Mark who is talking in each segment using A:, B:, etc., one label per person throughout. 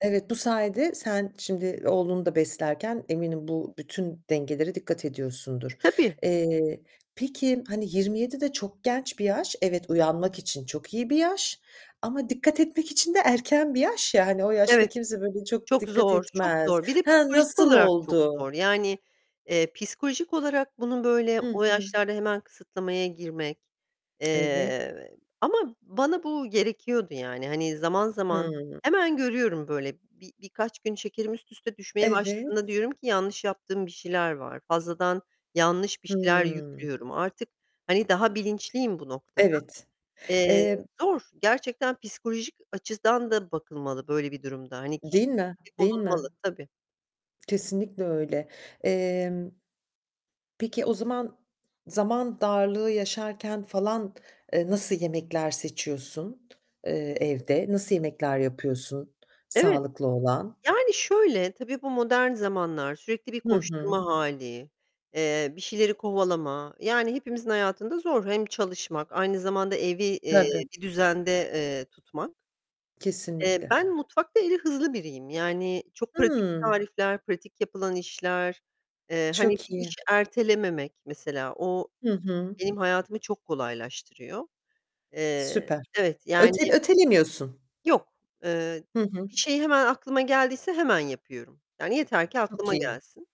A: Evet, bu sayede sen şimdi oğlunu da beslerken eminim bu bütün dengelere dikkat
B: E,
A: ediyorsundur.
B: tabii.
A: Eee, peki, hani, 27'de çok genç bir yaş. Evet, uyanmak için çok iyi bir yaş, ama dikkat etmek için de erken bir yaş ya. Hani, o yaşta
B: Evet.
A: kimse [unintelligible] çok
B: Çok
A: dikkat
B: zor, çok
A: etmez.
B: zor. Bir de
A: Ha,
B: psikolojik
A: nasıl
B: olarak çok
A: oldu?
B: zor. Yani, eee, psikolojik olarak bunun böyle
A: Hı
B: o
A: hı.
B: yaşlarda hemen kısıtlamaya girmek
A: Evet.
B: Eee, ama bana bu gerekiyordu, yani. Hani, zaman zaman,
A: Hımm.
B: hemen görüyorum böyle. Bi birkaç gün şekerim üst üste düşmeye
A: Evet.
B: başladığında diyorum ki: "Yanlış yaptığım bir şeyler var. Fazladan yanlış bir şeyler
A: Hımm.
B: yüklüyorum." Artık, hani, daha bilinçliyim bu Eee, noktada.
A: Evet. Emm
B: zor. Gerçekten psikolojik açıdan da bakılmalı böyle bir durumda. Hani,
A: Değil mi, değil mi?
B: [unintelligible] Tabii.
A: Kesinlikle öyle. Emm, peki, o zaman zaman darlığı yaşarken, falan, eee, nasıl yemekler seçiyorsun, eee, evde? Nasıl yemekler yapıyorsun
B: Evet.
A: sağlıklı olan?
B: Yani, şöyle, tabii bu modern zamanlar sürekli bir
A: Hı
B: koşturma
A: hı.
B: hâli, eee, bir şeyleri kovalama. Yani hepimizin hayatında zor. Hem çalışmak aynı zamanda evi, eee,
A: Tabii.
B: bir düzende, eee, tutmak. Eee,
A: Kesinlikle.
B: ben mutfakta eli hızlı biriyim. Yani çok pratik
A: Hımm.
B: tarifler, pratik yapılan işler, eee, hani,
A: Çok
B: bir
A: iyi.
B: iş ertelememek, mesela. O
A: Hı hı.
B: benim hayatımı çok kolaylaştırıyor. Eee,
A: Süper.
B: evet, yani
A: Öte ötelemiyorsun.
B: Yok, eee,
A: Hı
B: bi
A: hı.
B: bir şey hemen aklıma geldiyse hemen yapıyorum. Yani, yeter ki
A: Çok
B: aklıma
A: iyi.
B: gelsin.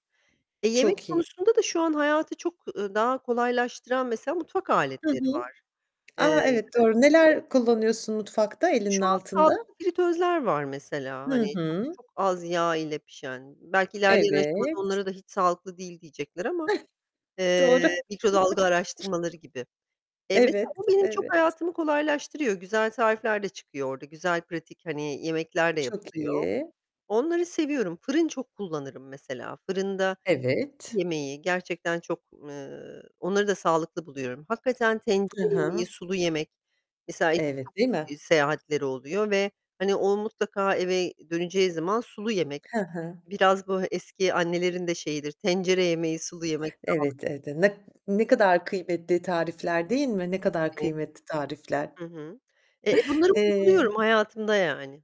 B: Eee, yemek
A: Çok iyi.
B: konusunda da şu an hayatı çok, eee, daha kolaylaştıran, mesela, mutfak
A: Hı
B: aletleri
A: hı.
B: var.
A: A,
B: Eee
A: evet doğru. Neler kullanıyorsun mutfakta
B: İşte,
A: elinin
B: şu an
A: altında?
B: sağlıklı fritözler var, mesela,
A: Hı
B: hani, çok
A: hı.
B: çok az yağ ile pişen. Belki ilerleyen aşamada
A: Evet.
B: onlara da hiç sağlıklı değil diyecekler ama,
A: Doğru.
B: eee, mikrodalga araştırmaları gibi. Eee, mesela,
A: Evet.
B: bu benim çok
A: Evet.
B: hayatımı kolaylaştırıyor. Güzel tarifler de çıkıyor orada, güzel pratik, hani, yemekler de
A: Çok
B: yapılıyor.
A: iyi.
B: Onları seviyorum. Fırın çok kullanırım mesela. Fırında tepsi
A: Evet.
B: yemeği gerçekten çok, eee, onları da sağlıklı buluyorum. Hakikaten
A: Hı
B: tencere yemeği
A: hı.
B: sulu yemek, mesela, [unintelligible] çok
A: Evet, değil mi?
B: seyahatleri oluyor ve, hani, o mutlaka eve döneceği zaman sulu yemek
A: Hı hı.
B: Biraz böyle eski annelerin de şeyidir, "Tencere yemeği sulu yemek sağlık"
A: Evet, evet. Eee, nek ne kadar kıymetli tarifler, değil mi? Ne kadar
B: [unintelligible]
A: kıymetli tarifler.
B: Hı hı. Eee, bunları
A: Eee
B: uyguluyorum hayatımda yani.